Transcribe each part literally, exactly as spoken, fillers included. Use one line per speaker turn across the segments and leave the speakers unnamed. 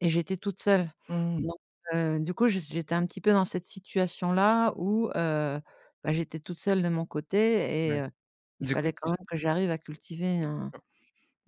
Et j'étais toute seule.
Mmh.
Donc heu, du coup je j'étais un petit peu dans cette situation-là où, heu, bah j'étais toute seule, de mon côté
Ouais.
et heu, il
Du coup
fallait quand
tu
même que j'arrive à cultiver un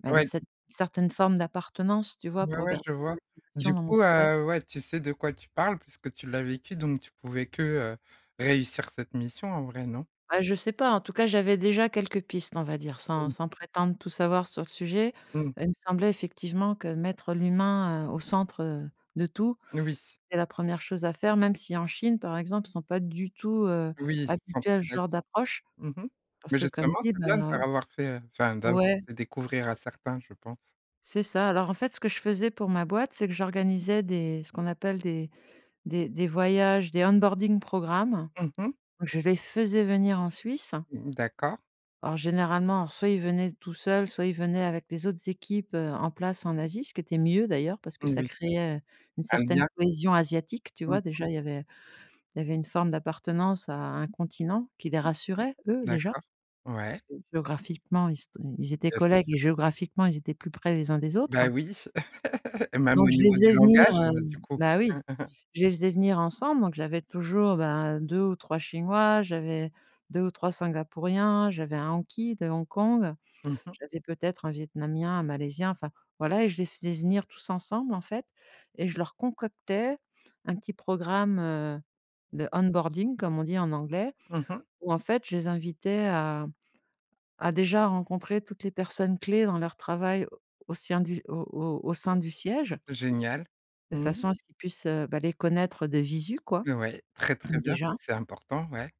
bah une
ouais d
cette certaine forme d'appartenance, tu vois,
Ouais,
pour
ouais
garder
je
la
vois. Du
motivation dans mon
coup,
travail.
heu, ouais, tu sais de quoi tu parles puisque tu l'as vécu, donc tu pouvais que heu, réussir cette mission en vrai, non?
Ah je sais pas, en tout cas, j'avais déjà quelques pistes, on va dire, sans
Mmh.
sans prétendre tout savoir sur le sujet.
Mmh.
Heu, il me semblait effectivement que mettre l'humain heu, au centre heu, de tout,
Oui.
c'était la première chose à faire, même si en Chine par exemple, ils sont pas du tout, heu,
Oui, c'est
habitués
centré
à ce
là
genre
dessus.
d'approche.
Mmh mh, mais
Parce que comme
justement
je dis
c'est bien de
heu
leur avoir fait, heu enfin d'avoir
ouais.
fait découvrir à certains je pense.
C'est ça. Alors en fait, ce que je faisais pour ma boîte, c'est que j'organisais des ce qu'on appelle des des des voyages, des onboarding program.
Mmh mh.
Je les faisais venir en Suisse.
Mmh d'accord.
Alors, généralement, alors soit ils venaient tout seuls, soit ils venaient avec les autres équipes, heu, en place en Asie, ce qui était mieux d'ailleurs parce que ça
Moui.
créait, heu, une
Un
certaine
lien.
cohésion asiatique, tu
Mmh.
vois? Déjà, il y avait, il y avait une forme d'appartenance à un continent, qui les
Mmh.
rassurait eux, déjà.
D'accord, ouais.
Parce que géographiquement, ils s ils étaient
Bien sûr.
collègues et géographiquement, ils étaient plus près les uns des
Bah
autres
oui, même
donc
au
je les
niveau
faisais
du
venir
langage,
heu
heu, du coup.
bah oui, je les faisais venir ensemble. Donc, j'avais toujours, bah, deux ou trois Chinois, j'avais deux ou trois Singapouriens, j'avais un Hanky de Hong Kong,
Mmh mh.
j'avais peut-être un Vietnamien, un Malaisien enfin, voilà, et je les faisais venir tous ensemble en fait. Et je leur concoctais un petit programme heu, de onboarding comme on dit en anglais,
Mmh mh.
où en fait je les invitais à à déjà rencontrer toutes les personnes clés dans leur travail au sien du au au au sein
[unintelligible]
du siège
Génial.
de
Mmh.
façon à ce qu'ils puissent heu, bah les connaître heu, de visu quoi,
Ouais, très très bien, ça
déjà.
c'est important, ouais.